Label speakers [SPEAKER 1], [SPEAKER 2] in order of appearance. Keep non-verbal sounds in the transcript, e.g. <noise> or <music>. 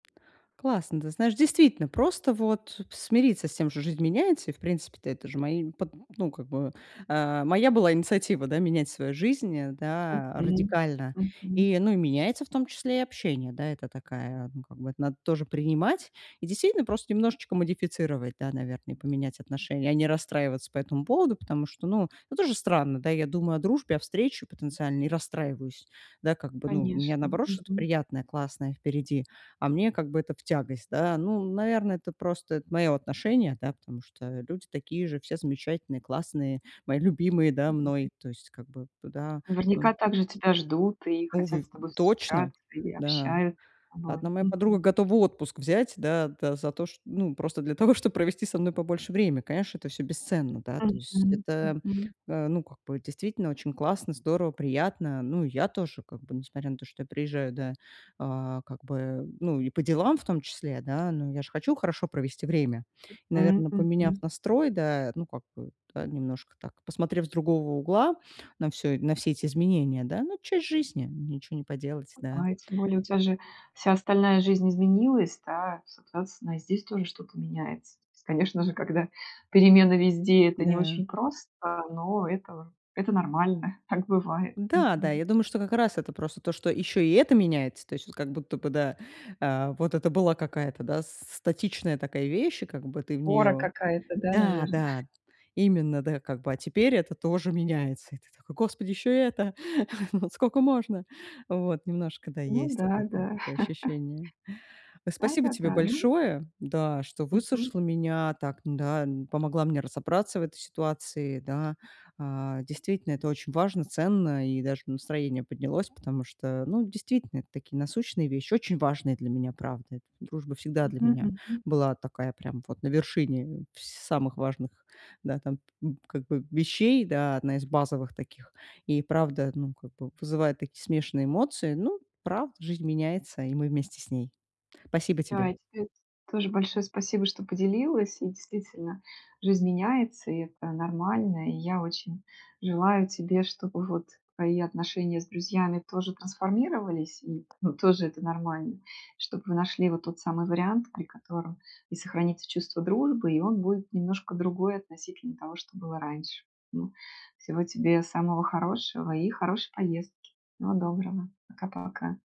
[SPEAKER 1] Классно. Ты знаешь, действительно, просто, вот, смириться с тем, что жизнь меняется и, в принципе-то, это же мои под ну как бы, э, моя была инициатива, да, менять свою жизнь, э, да,
[SPEAKER 2] Мгм
[SPEAKER 1] радикально?
[SPEAKER 2] мгм.
[SPEAKER 1] И, ну и меняется в том числе и общение, да? Это такая, ну как бы, это надо тоже принимать и действительно просто немножечко модифицировать, да, наверно. И поменять отношение, а не расстраиваться по этому поводу, потому что, ну, тоже странно, да? Я думаю о дружбе, о встрече потенциальной и расстраиваюсь. Да как бы, ну, у меня
[SPEAKER 2] Конечно.
[SPEAKER 1] наоборот что-то
[SPEAKER 2] Мгм.
[SPEAKER 1] приятное, классное впереди, а мне как бы это в тягость, да? Ну, наверное, это просто это моё отношение, да, потому что люди такие же, все замечательные, классные, мои любимые, да, мной.
[SPEAKER 2] <unintelligible>
[SPEAKER 1] То есть как бы туда. М
[SPEAKER 2] Наверняка так же тебя ждут и
[SPEAKER 1] Новы
[SPEAKER 2] хотят
[SPEAKER 1] в
[SPEAKER 2] с тобой
[SPEAKER 1] точно.
[SPEAKER 2] встречаться, и
[SPEAKER 1] Да.
[SPEAKER 2] общаются с тобой.
[SPEAKER 1] Одна моя подруга
[SPEAKER 2] Мгм.
[SPEAKER 1] готова отпуск взять, да, да, за то, чт ну, просто для того, чтоб провести со мной побольше времени. Конечно, это всё бесценно, да, то есть.
[SPEAKER 2] Мгм
[SPEAKER 1] Это,
[SPEAKER 2] мгм.
[SPEAKER 1] э, ну, как бы, действительно очень классно, здорово, приятно. Ну и я тоже, как бы, несмотря на то, что я приезжаю, да, а, как бы, ну и по делам в том числе, да, ну я же хочу хорошо провести время. И,
[SPEAKER 2] Мгм
[SPEAKER 1] наверно, поменяв
[SPEAKER 2] мгм.
[SPEAKER 1] настрой, да, ну, как бы, да, немножко так посмотрев с другого угла на всё на все эти изменения, да. Ну, часть жизни, ничего не поделать, да.
[SPEAKER 2] Ага, и тем более у тя же вся остальная жизнь изменилась, да? Соответственно, и здесь тоже что-то меняется. То есть. Конечно же, когда перемены везде, это не
[SPEAKER 1] Да.
[SPEAKER 2] очень просто, но это это нормально. Так бывает.
[SPEAKER 1] Да, да, я
[SPEAKER 2] Мгм.
[SPEAKER 1] думаю, что как раз это просто то, что ещё и это меняется. То есть вот как будто бы да, э, вот это была какая-то, да, статичная такая вещь, и как бы ты в
[SPEAKER 2] Опора
[SPEAKER 1] неё
[SPEAKER 2] какая-то, да,
[SPEAKER 1] Да,
[SPEAKER 2] наверно?
[SPEAKER 1] да, именно, да, как бы, а теперь это тоже меняется. И ты такой: "Господи, ещё и это. <chuckles> Скока можно?" Вот. Немножко, да,
[SPEAKER 2] Ну
[SPEAKER 1] есть от
[SPEAKER 2] да,
[SPEAKER 1] этого
[SPEAKER 2] да.
[SPEAKER 1] такое
[SPEAKER 2] <chuckles>
[SPEAKER 1] ощущение. Э. Спасибо тебе
[SPEAKER 2] Да-да-да. Ну
[SPEAKER 1] большое, да, что
[SPEAKER 2] Мгм.
[SPEAKER 1] выслушала меня, так, да, м, помогла мне разобраться в этой ситуации. Да. А, действительно, это очень важно, ценно, и даже настроение поднялось, потому что, ну, действительно это такие насущные вещи, очень важные для меня, правда. Дружба всегда для
[SPEAKER 2] Мгм
[SPEAKER 1] меня
[SPEAKER 2] мгм.
[SPEAKER 1] была такая прям вот на вершине в самых важных, да, там, как бы, вещей, да, одна из базовых таких. И правда, ну, как бы, вызывает такие смешанные эмоции. Ну правда, жизнь меняется, и мы вместе с ней. Спасибо
[SPEAKER 2] Да,
[SPEAKER 1] тебе.
[SPEAKER 2] и тебе тоже большое спасибо, что поделилась. И действительно жизнь меняется, и это нормально. И я очень желаю тебе, чтобы, вот, твои отношения с друзьями тоже трансформировались. И т ну, тоже это нормально. Чтоб вы нашли вот тот самый вариант, при котором и сохранится чувство дружбы, и он будет немножко другой относительно того, что было раньше. М. Всего тебе самого хорошего и хорошей поездки. Всего доброго. Пока-пока.